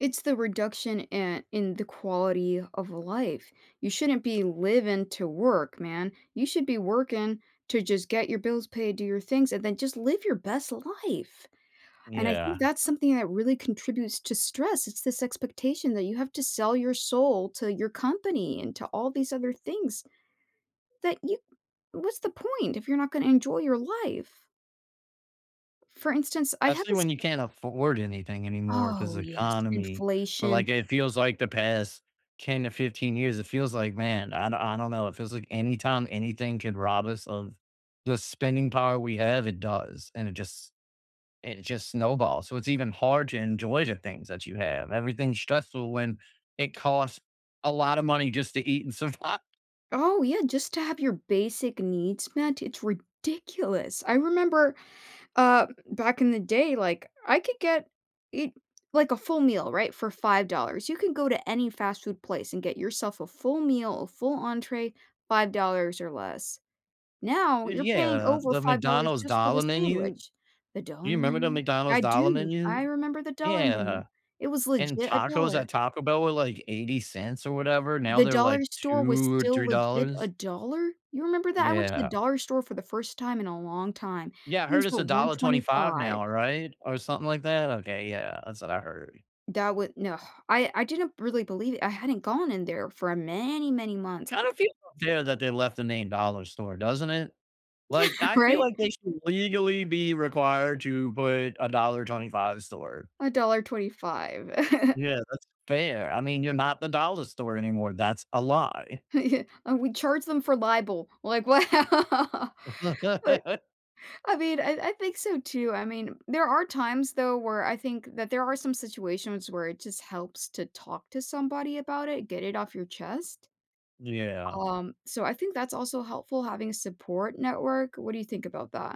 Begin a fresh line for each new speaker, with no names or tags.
It's the reduction, eh, in the quality of life. You shouldn't be living to work, man. You should be working to just get your bills paid, do your things, and then just live your best life, and I think
Yeah.
that's something that really contributes to stress, it's this expectation that you have to sell your soul to your company and to all these other things that you what's the point if you're not gonna enjoy your life? For instance, I have
Especially
this
when you can't afford anything anymore, 'cause
Oh,
the
yes,
economy, or
inflation.
like, it feels, like, the past 10 to 15 years, it feels like "Man, I I don't know.", it feels, like, anytime anything could rob us of the spending power we have, it does, and it just it just snowballs, so it's even hard to enjoy the things that you have, everything's stressful when it costs a lot of money just to eat and survive.
Oh, yeah, just to have your basic needs met, it's ridiculous. I remember, uh, m back in the day, like, I could get it like, a full meal, right, for $5. You can go to any fast food place and get yourself a full meal, a full entrée, $5 or less, now
Y
you're paying
yeah,
over
the
$5
McDonald's
just for the
dollar menu?
sandwich. The
You
dollar
remember the
menu? I
McDonald's dollar
do, I
menu?
remember the dollar menu,
Yeah,
it was
and
legit a
tacos at
dollar.
Taco Bell were, like, $0.80 or whatever, now
The
they're,
Dollar
like,
Store was
2,
still
three
legit a
dollars.
dollar? You remember that? I went to the
Yeah.
Dollar store for the first time in a long time,
Yeah, I
things
heard it's
were
a
one
dollar twenty-five
twenty-five.
now, right, or something like that. Okay, yeah, that's what I heard.
That would no, I I didn't really believe it. I hadn't gone in there for a many many months c
Kinda feels unfair that they left the name Dollar store, doesn't it,
Yeah,
like, I feel
right?
like they should legally be required to put a Dollar 25 store.
$1.25.
Yeah, that's unfair. I mean, you're not the Dollar store anymore, that's a lie.
And we charge them for libel, like, wow, but, I mean, I I think so too, I mean, there are times, though, where I think that there are some situations where it just helps to talk to somebody about it, get it off your chest,
Yeah.
um, so I think that's also helpful having a support network, what do you think about that?